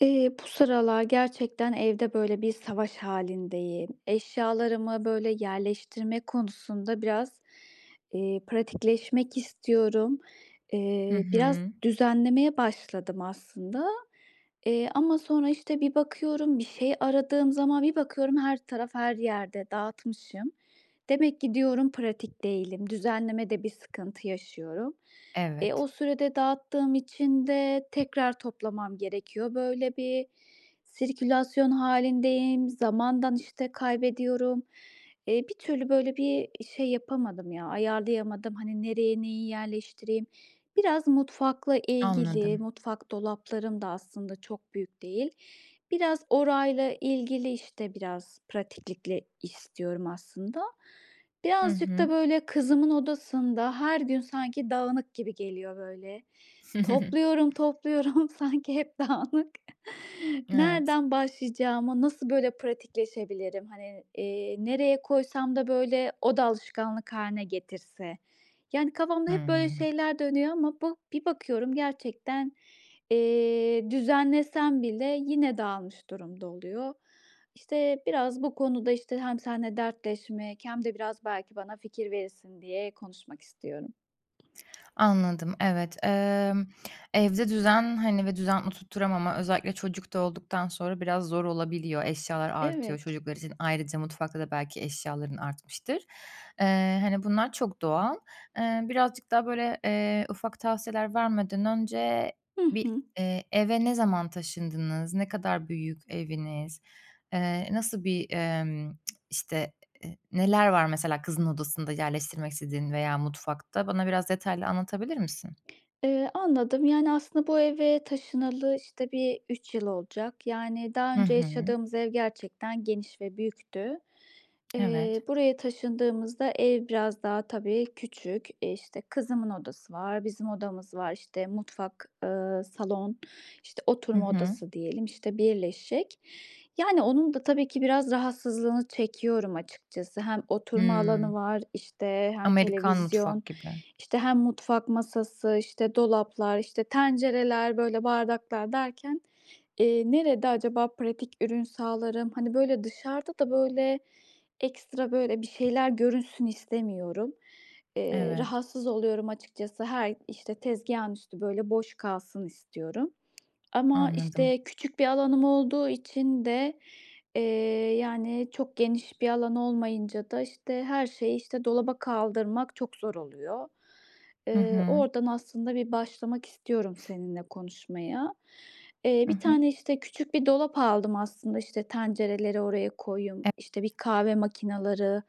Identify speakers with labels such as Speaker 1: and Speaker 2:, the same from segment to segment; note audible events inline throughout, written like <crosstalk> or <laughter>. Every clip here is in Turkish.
Speaker 1: Eee, bu sıralar gerçekten evde böyle bir savaş hâlindeyim. Eşyalarımı böyle yerleştirme konusunda biraz, eee, pratikleşmek istiyorum.
Speaker 2: Hı
Speaker 1: Eee, biraz
Speaker 2: hı.
Speaker 1: düzenlemeye başladım aslında, eee, ama sonra, işte, bir bakıyorum, bir şey aradığım zaman bir bakıyorum her taraf her yerde dağıtmışım. Demek ki diyorum pratik değilim. Düzenlemede bir sıkıntı yaşıyorum. Eee,
Speaker 2: Evet.
Speaker 1: o sürede dağıttığım için de tekrar toplamam gerekiyor. Böyle bir sirkülasyon hâlindeyim, zamandan, işte, kaybediyorum. Eee, bir türlü böyle bir şey yapamadım ya, ayarlayamadım. Hani, nereye neyi yerleştireyim? Biraz mutfakla ilgili.
Speaker 2: Anladım.
Speaker 1: Mutfak dolaplarım da aslında çok büyük değil. Biraz orayla ilgili, işte, biraz, pratiklikle istiyorum aslında.
Speaker 2: Hı
Speaker 1: Birazcık da
Speaker 2: hı.
Speaker 1: böyle kızımın odasında her gün sanki dağınık gibi geliyor böyle.
Speaker 2: <chuckles>
Speaker 1: Topluyorum, topluyorum, sanki hep dağınık.
Speaker 2: Evet.
Speaker 1: Nereden başlayacağımı, nasıl böyle pratikleşebilirim? Hani, eee, nereye koysam da böyle o da alışkanlık hâline getirse? Yani kafamda hep böyle
Speaker 2: Hımm.
Speaker 1: şeyler dönüyor ama bu bir bakıyorum gerçekten, eee, düzenlesem bile yine dağılmış durumda oluyor. İşte, biraz bu konuda, işte, hem seninle dertleşmek hem de biraz belki bana fikir verirsin diye konuşmak istiyorum.
Speaker 2: Anladım, evet. Emm, evde düzen, hani, ve düzen oturtturamama özellikle çocuk da olduktan sonra biraz zor olabiliyor. Eşyalar artıyor
Speaker 1: Evet.
Speaker 2: çocuklar için. Ayrıca mutfakta da belki eşyaların artmıştır. Eee, hani, bunlar çok doğal. Eee, birazcık daha böyle, eee, ufak tavsiyeler vermeden önce
Speaker 1: Hı
Speaker 2: bir
Speaker 1: hı.
Speaker 2: eee, eve ne zaman taşındınız? Ne kadar büyük eviniz? Eee, nasıl bir, emm, <tsk> işte, eee, neler var mesela kızın odasında yerleştirmek istediğin veya mutfakta? Bana biraz detaylı anlatabilir misin?
Speaker 1: Eee, anladım. Yani aslında bu eve taşınalı, işte, bir 3 yıl olacak. Yani daha
Speaker 2: Hı
Speaker 1: önce
Speaker 2: hı.
Speaker 1: yaşadığımız ev gerçekten geniş ve büyüktü.
Speaker 2: Evet.
Speaker 1: Eee, buraya taşındığımızda ev biraz daha tabii küçük. İşte, kızımın odası var, bizim odamız var, işte, mutfak, ııı, salon, işte
Speaker 2: Hı
Speaker 1: oturma
Speaker 2: hı.
Speaker 1: odası diyelim, işte birleşik. Yani, onun da tabii ki biraz rahatsızlığını çekiyorum açıkçası. Hem oturma alanı
Speaker 2: Hımm.
Speaker 1: var, işte, hem
Speaker 2: Amerikan
Speaker 1: televizyon,
Speaker 2: mutfak gibi.
Speaker 1: işte, hem mutfak masası, işte dolaplar, işte tencereler, böyle, bardaklar derken, eee, nerede acaba pratik ürün sağlarım? Hani, böyle, dışarıda da böyle ekstra, böyle, bir şeyler görünsün istemiyorum. Eee,
Speaker 2: Evet.
Speaker 1: rahatsız oluyorum açıkçası. Hay işte tezgâhın üstü böyle boş kalsın istiyorum ama
Speaker 2: Anladım.
Speaker 1: işte küçük bir alanım olduğu için de, eee, yani çok geniş bir alan olmayınca da işte her şeyi, işte, dolaba kaldırmak çok zor oluyor.
Speaker 2: Hı
Speaker 1: Eee,
Speaker 2: hı.
Speaker 1: oradan aslında bir başlamak istiyorum
Speaker 2: <sniffs>
Speaker 1: seninle konuşmaya. Eee,
Speaker 2: Hı
Speaker 1: 1
Speaker 2: hı.
Speaker 1: tane, işte, küçük bir dolap aldım aslında, işte tencereleri oraya koyayım,
Speaker 2: <unintelligible>
Speaker 1: işte, bir kahve makinaları,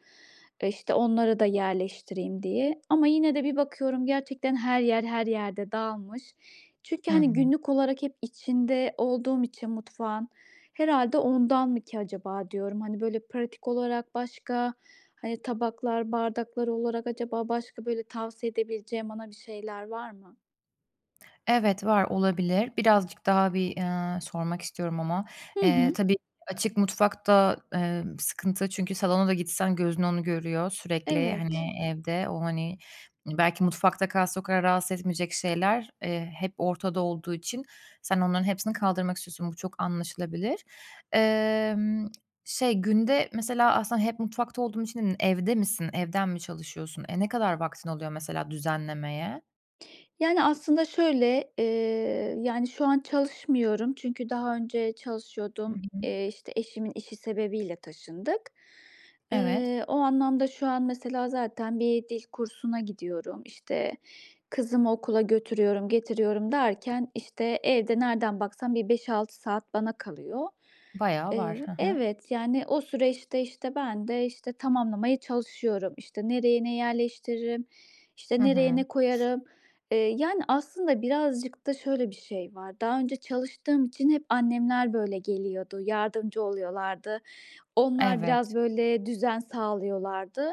Speaker 1: işte onları da yerleştireyim diye ama yine de bir bakıyorum gerçekten her yer her yerde dağılmış. Çünkü,
Speaker 2: Hı
Speaker 1: hani,
Speaker 2: hı.
Speaker 1: günlük olarak hep içinde olduğum için mutfağın herhâlde ondan mı ki acaba diyorum. Hani böyle pratik olarak başka, hani, tabaklar, bardaklar olarak acaba başka böyle tavsiye edebileceğin bana bir şeyler var mı?
Speaker 2: Evet, var, olabilir. Birazcık daha bir, ııı, sormak istiyorum ama.
Speaker 1: Hı
Speaker 2: Eee,
Speaker 1: hı.
Speaker 2: tabii açık mutfak da, emm, sıkıntı çünkü salona da gitsen gözün onu görüyor sürekli.
Speaker 1: Evet.
Speaker 2: Hani evde o hani, belki mutfakta kalsa o kadar rahatsız etmeyecek şeyler, eee, hep ortada olduğu için sen onların hepsini kaldırmak istiyorsun. Bu çok anlaşılabilir. Emm, şey günde mesela aslında hep mutfakta olduğun için evde misin, evden mi çalışıyorsun? E, ne kadar vaktin oluyor mesela düzenlemeye?
Speaker 1: Yani, aslında şöyle, eee, yani, şu an çalışmıyorum çünkü daha önce
Speaker 2: Hı
Speaker 1: çalışıyordum.
Speaker 2: hı.
Speaker 1: Eee, işte, eşimin işi sebebiyle taşındık.
Speaker 2: Evet.
Speaker 1: Eee, o anlamda şu an mesela zaten bir dil kursuna gidiyorum, işte, kızımı okula götürüyorum, getiriyorum derken, işte, evde nereden baksam bir 5-6 saat bana kalıyor.
Speaker 2: Bayağı var,
Speaker 1: Eee
Speaker 2: hı hı.
Speaker 1: Evet, yani, o süreçte, işte, ben de, işte, tamamlamaya çalışıyorum. İşte, nereye ne yerleştiririm,
Speaker 2: Hı
Speaker 1: işte, nereye
Speaker 2: hı.
Speaker 1: ne koyarım. Eee, yani, aslında birazcık da şöyle bir şey var, daha önce çalıştığım için hep annemler, böyle, geliyordu, yardımcı oluyorlardı, onlar biraz,
Speaker 2: Evet.
Speaker 1: böyle, düzen sağlıyorlardı.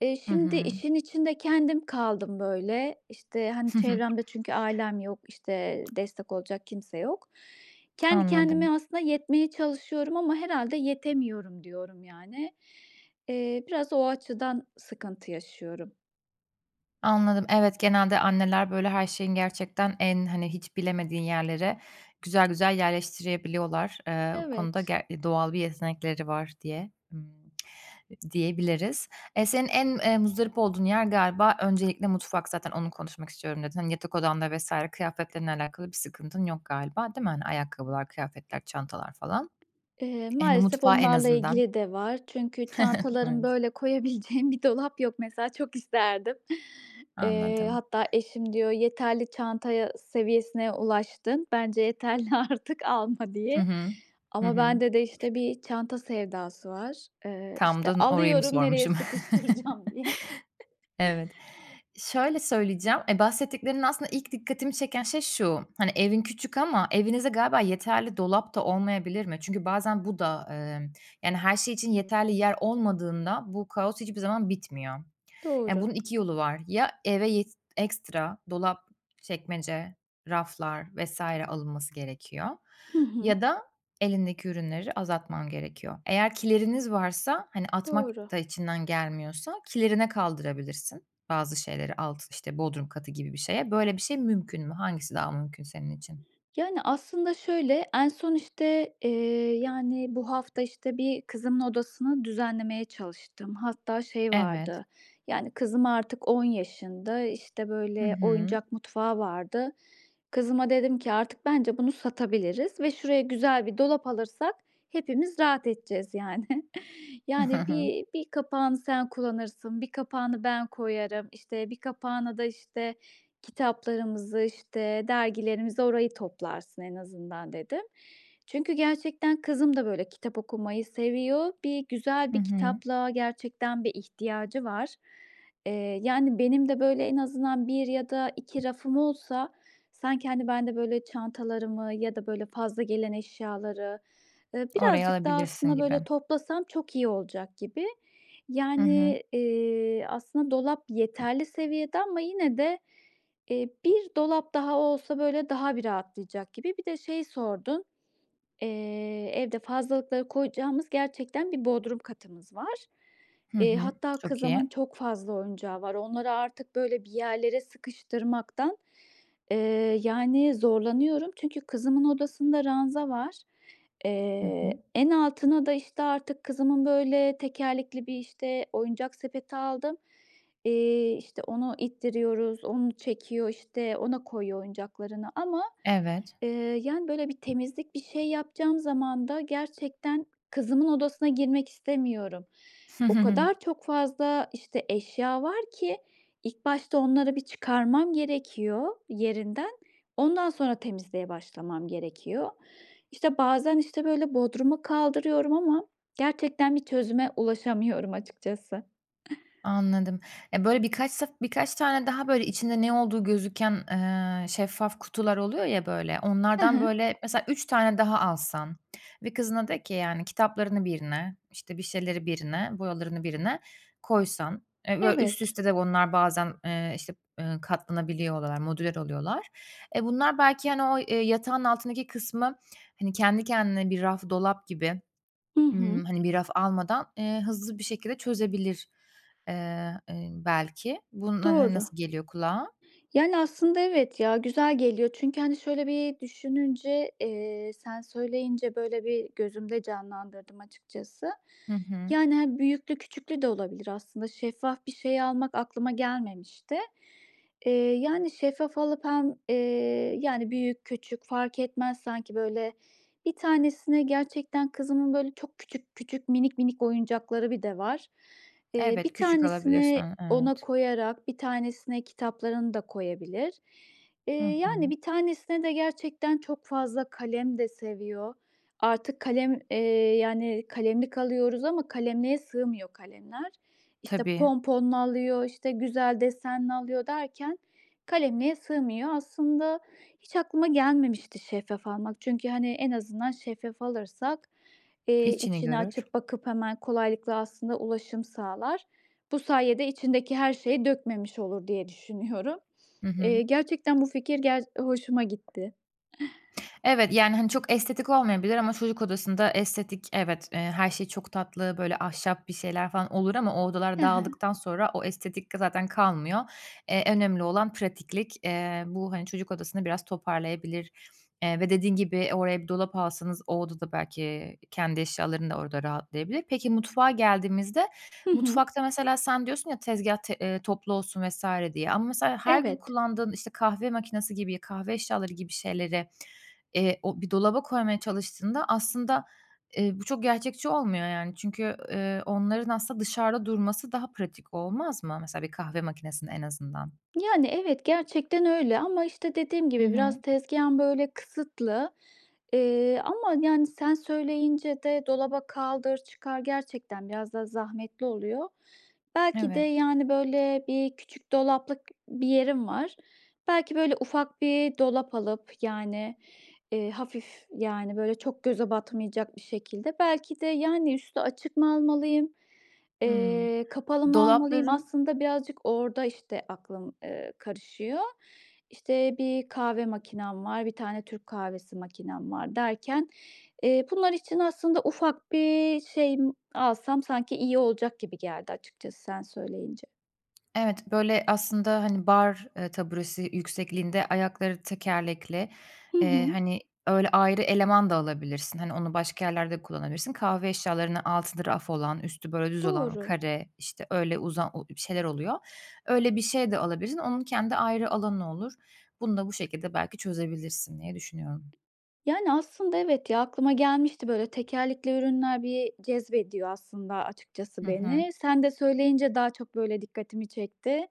Speaker 1: Eee,
Speaker 2: Hı
Speaker 1: şimdi,
Speaker 2: hı.
Speaker 1: işin içinde kendim kaldım, böyle. İşte, hani, çevremde çünkü ailem yok, işte,
Speaker 2: <chuckles>
Speaker 1: destek olacak kimse yok. Kendi kendime
Speaker 2: Anladım.
Speaker 1: aslında yetmeye çalışıyorum ama herhâlde yetemiyorum diyorum, yani. Eee, biraz o açıdan sıkıntı yaşıyorum.
Speaker 2: Anladım, evet, genelde anneler böyle her şeyin gerçekten en, hani, hiç bilemediğin yerlere güzel güzel yerleştirebiliyorlar. Eee, bu konuda
Speaker 1: Evet.
Speaker 2: ger doğal bir yetenekleri var diye ımm <tsk> diyebiliriz. Eee, senin en, eee, muzdarip olduğun yer galiba öncelikle mutfak zaten "Onu konuşmak istiyorum." dedin. Hani, yatak odanda vs. kıyafetlerinle alakalı bir sıkıntın yok galiba, değil mi? Hani, ayakkabılar, kıyafetler, çantalar falan.
Speaker 1: Eee,
Speaker 2: Hani,
Speaker 1: maalesef
Speaker 2: mutfağı en
Speaker 1: onlarla
Speaker 2: azından.
Speaker 1: ilgili de var. Çünkü
Speaker 2: <chuckles>
Speaker 1: çantalarım,
Speaker 2: Evet.
Speaker 1: böyle, koyabileceğim bir dolap yok mesela. Çok isterdim. Eee,
Speaker 2: Anladım.
Speaker 1: hatta eşim diyor, "Yeterli çantaya seviyesine ulaştın. Bence yeterli. Artık alma."
Speaker 2: Hı
Speaker 1: diye.
Speaker 2: hı. Hı
Speaker 1: Ama
Speaker 2: hı.
Speaker 1: bende de, işte, bir çanta sevdası var. Eee,
Speaker 2: Tam da
Speaker 1: işte,
Speaker 2: n orayı mı
Speaker 1: alıyorum nereye
Speaker 2: sormuşum?
Speaker 1: sıkıştıracağım diye. <chuckles>
Speaker 2: <chuckles> Evet. Şöyle söyleyeceğim, eee, bahsettiklerin aslında ilk dikkatimi çeken şey şu, hani, evin küçük ama evinizde galiba yeterli dolap da olmayabilir mi? Çünkü bazen bu da, emm, yani, her şey için yeterli yer olmadığında bu kaos hiçbir zaman bitmiyor. Ya,
Speaker 1: Doğru.
Speaker 2: bunun 2 yolu var. Ya eve yet ekstra dolap, çekmece, raflar vs. alınması gerekiyor
Speaker 1: Hı hı.
Speaker 2: ya da elindeki ürünleri azaltman gerekiyor. Eğer kileriniz varsa, hani, atmak
Speaker 1: Doğru.
Speaker 2: da içinden gelmiyorsa, kilerine kaldırabilirsin bazı şeyleri alt işte, bodrum katı gibi bir şeye. Böyle bir şey mümkün mü? Hangisi daha mümkün senin için?
Speaker 1: Yani, aslında şöyle, en son, işte, eee, yani, bu hafta, işte, bir kızımın odasını düzenlemeye çalıştım. Hatta şey
Speaker 2: Evet.
Speaker 1: vardı yani, kızım artık 10 yaşında, işte,
Speaker 2: Hı
Speaker 1: böyle,
Speaker 2: hı.
Speaker 1: oyuncak mutfağı vardı. Kızıma dedim ki: "Artık bence bunu satabiliriz ve şuraya güzel bir dolap alırsak hepimiz rahat edeceğiz, yani.
Speaker 2: Hı
Speaker 1: Yani,
Speaker 2: hı.
Speaker 1: bir bir kapağını sen kullanırsın, 1 kapağını ben koyarım, işte, 1 kapağına da, işte, kitaplarımızı, işte, dergilerimizi. Orayı toplarsın en azından." dedim. Çünkü gerçekten kızım da, böyle, kitap okumayı seviyor. Bir güzel
Speaker 2: Hı
Speaker 1: bir
Speaker 2: hı.
Speaker 1: kitaplığa gerçekten bir ihtiyacı var, eee, yani, benim de, böyle, en azından 1 ya da 2 rafım olsa sanki, hani, ben de, böyle, çantalarımı ya da, böyle, fazla gelen eşyaları, ııı,
Speaker 2: Oraya
Speaker 1: birazcık daha
Speaker 2: alabilirsin
Speaker 1: aslında, böyle,
Speaker 2: gibi.
Speaker 1: toplasam çok iyi olacak gibi.
Speaker 2: Hı hı.
Speaker 1: Yani, eee, aslında dolap yeterli seviyede ama yine de, eee, 1 dolap daha olsa, böyle, daha bir rahatlayacak gibi. Bir de şeyi sordun, eee, evde fazlalıkları koyacağımız gerçekten bir bodrum katımız var.
Speaker 2: Hı
Speaker 1: Eee,
Speaker 2: hı.
Speaker 1: hatta
Speaker 2: Çok iyi.
Speaker 1: kızımın çok fazla oyuncağı var. Onları artık, böyle, bir yerlere sıkıştırmaktan, eee, yani, zorlanıyorum. Çünkü kızımın odasında ranza var.
Speaker 2: Hı hı.
Speaker 1: Eee, en altına da, işte, artık kızımın, böyle, tekerlekli bir, işte, oyuncak sepeti aldım. Eee, işte, onu ittiriyoruz, onu çekiyor, işte, ona koyuyor oyuncaklarını ama,
Speaker 2: Evet.
Speaker 1: eee, yani, böyle, bir temizlik, bir şey yapacağım zaman da gerçekten kızımın odasına girmek istemiyorum. O
Speaker 2: <chuckles>
Speaker 1: kadar çok fazla, işte, eşya var ki ilk başta onları bir çıkarmam gerekiyor yerinden, ondan sonra temizliğe başlamam gerekiyor. İşte, bazen, işte, böyle, bodruma kaldırıyorum ama gerçekten bir çözüme ulaşamıyorum açıkçası.
Speaker 2: Anladım. Ya, böyle, birkaç sef birkaç tane daha, böyle, içinde ne olduğu gözüken, eee, şeffaf kutular oluyor ya, böyle,
Speaker 1: Hı
Speaker 2: onlardan,
Speaker 1: hı.
Speaker 2: böyle, mesela 3 tane daha alsan ve kızına de ki, yani, "Kitaplarını birine, işte, bir şeyleri birine, boyalarını birine koysan." Eee, böyle, üst
Speaker 1: Evet.
Speaker 2: üste de bunlar bazen, eee, işte, eee, katlanabiliyorlar, modüler oluyorlar. E, bunlar belki, hani, o, eee, yatağın altındaki kısmı, hani, kendi kendine bir raf dolap gibi,
Speaker 1: I hı.
Speaker 2: ımm, hani, bir raf almadan, eee, hızlı bir şekilde çözebilir, eee, eee, belki. Bununla, hani,
Speaker 1: Doğru.
Speaker 2: nasıl geliyor kulağa?
Speaker 1: Yani, aslında evet, ya, güzel geliyor çünkü, hani, şöyle bir düşününce, eee, sen söyleyince, böyle, bir gözümde canlandırdım açıkçası.
Speaker 2: Hı hı.
Speaker 1: Yani, hani, büyüklü, küçüklü de olabilir aslında. Şeffaf bir şey almak aklıma gelmemişti. Eee, yani şeffaf alıp hem, eee, yani, büyük, küçük fark etmez sanki, böyle, 1 tanesine gerçekten kızımın, böyle, çok küçük küçük, minik minik oyuncakları bir de var. Eee,
Speaker 2: Evet,
Speaker 1: 1
Speaker 2: küçük alabilirsin
Speaker 1: tanesini
Speaker 2: onu.
Speaker 1: ona
Speaker 2: Evet.
Speaker 1: koyarak 1 tanesine kitaplarını da koyabilir. Eee,
Speaker 2: Hı
Speaker 1: yani,
Speaker 2: hı.
Speaker 1: 1 tanesine de gerçekten çok fazla kalem de seviyor. Artık kalem, eee, yani, kalemlik alıyoruz ama kalemliğe sığmıyor kalemler. İşte,
Speaker 2: Tabii.
Speaker 1: ponponlu alıyor, işte, güzel desenli alıyor derken kalemliğe sığmıyor. Aslında hiç aklıma gelmemişti şeffaf almak. Çünkü, hani, en azından şeffaf alırsak, eee,
Speaker 2: İçini
Speaker 1: içini
Speaker 2: görür.
Speaker 1: açıp bakıp hemen kolaylıkla aslında ulaşım sağlar. Bu sayede içindeki her şeyi dökmemiş olur diye düşünüyorum.
Speaker 2: Hı hı.
Speaker 1: Eee, gerçekten bu fikir ger hoşuma gitti.
Speaker 2: Evet, yani, hani, çok estetik olmayabilir ama çocuk odasında estetik evet, eee, her şey çok tatlı, böyle, ahşap bir şeyler falan olur ama o
Speaker 1: Hı
Speaker 2: odalar
Speaker 1: hı.
Speaker 2: dağıldıktan sonra o estetik de zaten kalmıyor, eee, önemli olan pratiklik. Eee, bu, hani, çocuk odasını biraz toparlayabilir, eee, ve dediğin gibi oraya bir dolap alsanız, o odada belki kendi eşyaların da orada rahatlayabilir. Peki, mutfağa geldiğimizde,
Speaker 1: Hı hı.
Speaker 2: mutfakta mesela sen diyorsun ya, "Tezgâh t eee, toplu olsun." vs. diye ama mesela her gün
Speaker 1: Evet.
Speaker 2: kullandığın, işte, kahve makinası gibi, kahve eşyaları gibi şeyleri, eee, o bir dolaba koymaya çalıştığında aslında, eee, bu çok gerçekçi olmuyor, yani, çünkü, eee, onların aslında dışarıda durması daha pratik olmaz mı? Mesela bir kahve makinesinin en azından?
Speaker 1: Yani, evet, gerçekten öyle ama, işte, dediğim
Speaker 2: Hı
Speaker 1: gibi,
Speaker 2: hı.
Speaker 1: biraz tezgâhım, böyle, kısıtlı, eee, ama, yani, sen söyleyince de dolaba kaldır, çıkar gerçekten biraz da zahmetli oluyor. Belki de,
Speaker 2: Evet.
Speaker 1: yani, böyle, bir küçük dolaplık bir yerim var. Belki, böyle, ufak bir dolap alıp, yani, eee, hafif, yani, böyle, çok göze batmayacak bir şekilde, belki de, yani, üstü açık mı almalıyım,
Speaker 2: Hımm,
Speaker 1: eee, kapalı mı almalıyım?
Speaker 2: dolapların
Speaker 1: Aslında birazcık orada, işte, aklım, eee, karışıyor. İşte, 1 kahve makinam var, 1 tane Türk kahvesi makinam var derken, eee, bunlar için aslında ufak bir şey m alsam sanki iyi olacak gibi geldi açıkçası sen söyleyince.
Speaker 2: Evet, böyle, aslında, hani, bar, eee, taburesi yüksekliğinde ayakları tekerlekli,
Speaker 1: Hı
Speaker 2: eee,
Speaker 1: hı.
Speaker 2: hani, öyle ayrı eleman da alabilirsin. Hani, onu başka yerlerde de kullanabilirsin. Kahve eşyalarına altında raf olan, üstü, böyle, düz olan,
Speaker 1: Doğru.
Speaker 2: kare, işte, öyle uzan o ü bir şeyler oluyor. Öyle bir şey de alabilirsin. Onun kendi ayrı alanı olur. Bunu da bu şekilde belki çözebilirsin diye düşünüyorum.
Speaker 1: Yani, aslında evet, ya, aklıma gelmişti, böyle, tekerlekli ürünler bir cezbediyor aslında
Speaker 2: Hı
Speaker 1: açıkçası
Speaker 2: hı.
Speaker 1: beni. Sen de söyleyince daha çok, böyle, dikkatimi çekti.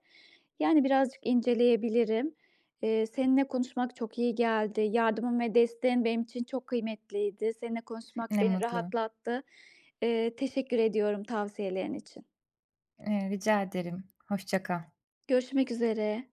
Speaker 1: Yani, birazcık inceleyebilirim. Eee, seninle konuşmak çok iyi geldi. Yardımın ve desteğin benim için çok kıymetliydi. Seninle konuşmak
Speaker 2: Ne
Speaker 1: beni
Speaker 2: mutlu.
Speaker 1: rahatlattı. Eee, teşekkür ediyorum tavsiyelerin için.
Speaker 2: Eee, rica ederim. Hoşça kal.
Speaker 1: Görüşmek üzere.